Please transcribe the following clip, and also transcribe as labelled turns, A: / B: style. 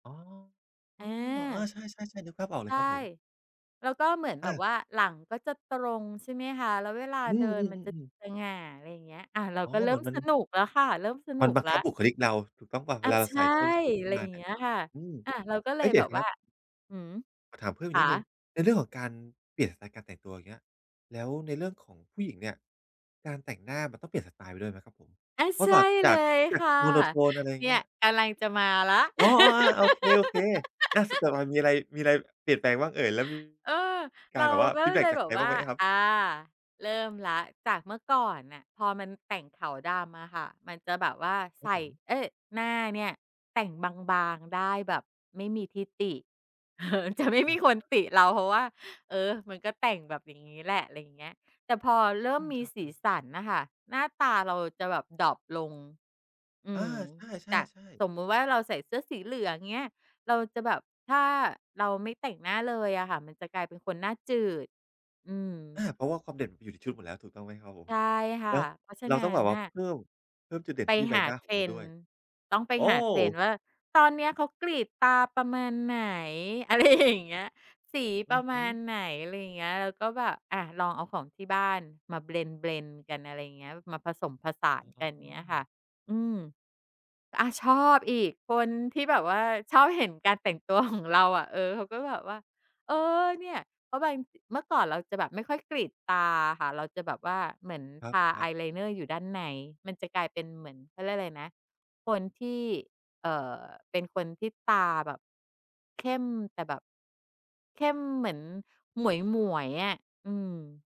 A: อ๋อ อ๋อ เออ
B: อา
A: ใช่ ๆ ๆ นึกภาพออกเ
B: ใ
A: ล
B: ช
A: ย
B: ่
A: ครับผม
B: แล้วก็เหมือนแบ
A: อ
B: บ
A: า
B: ว่า หลังก็จะตรงใช่ไหมคะ? แล้วเวลา
A: อื
B: เดิ
A: ม
B: นมันจะ
A: ๆ ๆ ๆ
B: สง่า อะไรเงี้ย อะ เรา
A: อ๋อ
B: ก็เร
A: เ
B: ิ
A: ห
B: ่
A: มื
B: ม
A: อนมั
B: ส
A: น
B: นุกแล้วค่ะ เริ่มสน
A: ม
B: ุ
A: ัน
B: ก
A: บัง
B: แล้
A: ค
B: ว
A: ับบุคลิกเราถูกต้องหรือเปล่า?
B: อ
A: เว
B: ะ
A: ลาเรา
B: ใช
A: ใส
B: ่
A: ่ส้นสูงข
B: อ
A: ึ
B: ะ
A: ้
B: ไ
A: น
B: รอ
A: ม
B: ย
A: า
B: ่าง
A: เน
B: เ
A: ี
B: ง
A: ่
B: ี
A: ย
B: ้ยค่ะ
A: อืม
B: อะ เราก็เ
A: เ
B: ล
A: อ๊
B: ย
A: ย! เดี
B: แ
A: ๋
B: บ
A: ยว
B: บ
A: นะค
B: ว
A: ร
B: ่
A: ั
B: า
A: บ
B: หือ
A: ขอถามเพิ่ม
B: ข
A: อีกน
B: า
A: ิดหนึ่ง ในเรื่องของการเปลี่ยนสไตล์การแต่งตัว อย่างเงี้ย แล้วในเรื่องของผู้หญิงเนี่ย การแต่งหน้ามันต้องเปลี่ยนสไตล์ไปด้วยไหมครับผม?
B: อะ
A: เพรา
B: ใช
A: ะ
B: ่
A: ฝาก
B: เ
A: จ
B: ล
A: าก
B: ย
A: จา
B: ค
A: ก
B: ่ะ
A: โมโทน อะไร
B: เนี
A: เ
B: ่
A: งี
B: ย
A: ้ย
B: กำลังจะมาละ
A: อ๋อ ๆ อะ โอเค โอเค หน้าสดอะ มันมีอะไร มีอะไรเปลี่ยนแปลงบ้างเอ่ย? แล้วมี
B: เออ
A: ก
B: เ
A: า
B: ร
A: ร
B: า
A: แบบว่า
B: ก็
A: ฟ
B: เ
A: ี
B: ล
A: ดแ
B: ย
A: บ็
B: เล
A: ก
B: ย
A: จาก
B: แบ
A: ใค
B: บ
A: ร
B: ว
A: บ้
B: ่
A: าง
B: า
A: ไหมครับ?
B: อา เริ่มแล้ว จากเมื่อก่อนน่ะ พอมันแต่งขาวดำอะค่ะ มันจะแบบว่าใ
A: ค
B: ส
A: รับ
B: ่
A: ผม
B: เอ๊ย! หน้าเนี่ยแต่งบาง ๆ ได้แบบไม่มีที่ติ เออ จะไม่
A: อะ
B: มีคน
A: ฮ
B: ต
A: ะ
B: ิเรา เพราะว่า เออ มันก็แต่งแบบ อย่างงี้แหละ อะไรเงี้ย แต่พอเริ่
A: อ
B: ม
A: ืม
B: มี
A: อะ
B: ส
A: อ
B: ี
A: า
B: สันน่ะค่ะ หน้าตาเราจะแบบดร็อปลง อื
A: อา
B: ม
A: ใช
B: จาก
A: ่
B: ส
A: ๆ ๆ
B: มมติว่า เราใส่เสื้อสีเหลืองเงี้ย เราจะแบบ ถ้าเราไม่แต่งหน้าเลยอะค่ะ มันจะกลายเป็นคนน่าจืด อื
A: อ
B: ม
A: า เพราะว่าความเด่นมันอยู่ในชุดหมดแล้ว ถูกต้องไหมครับผ
B: ใช
A: ม?
B: ่ค่
A: เ
B: ะ
A: นาะ
B: เพราะฉะ
A: เรา
B: นั้
A: ต้องแ
B: น
A: บบว่
B: น
A: า
B: ่ะ
A: เพิ่ม เพิ่มจุดเด่
B: ไ
A: น
B: ป
A: ที่ใบ
B: หา
A: หน้า
B: เ
A: ข
B: ท
A: อง
B: ร
A: เรา
B: น
A: ด้
B: ด
A: ว
B: ์
A: ย
B: ต้องไป
A: โอ้!
B: หาเทรนด์ว่า ตอนเนี้ย เขากรีดตาประมาณไหน อะไรอย่างเงี้ย สี
A: อ
B: ป
A: ื
B: ร
A: อ
B: ะ
A: ฮ
B: ม
A: ึ
B: าณไหน อะไรอย่างเงี้ย แล้วก็แบบ อะลองเอาของที่บ้านมา เบลนด์ ๆ กัน อะไรอย่างเงี้ย มาผสมผสาน
A: อ
B: ก
A: ๋
B: ัน เงี้ยค่ะ
A: อ
B: อืม อา ชอบอีก คนที่แบบว่าชอบเห็นการแต่งตัว ของ เราอะ เออ เขาก็แบบว่า เออ เนี่ย เพราะบาง เมื่อก่อนเราจะแบบไม่ค่อยกรีดตาอะค่ะ เราจะแบบว่าเหมือน
A: ค
B: ท
A: ร
B: า
A: ั
B: อา
A: บ ๆ
B: ยไลน์เนอร์อยู่ด้านใน มันจะกลายเป็นเหมือน เขาเรียกอะไรนะ คนที่ เอ่อ เป็นคนที่ตาแบบ เข้ม แต่แบบ เข้มเหมือนหมวย ๆ อะ อืม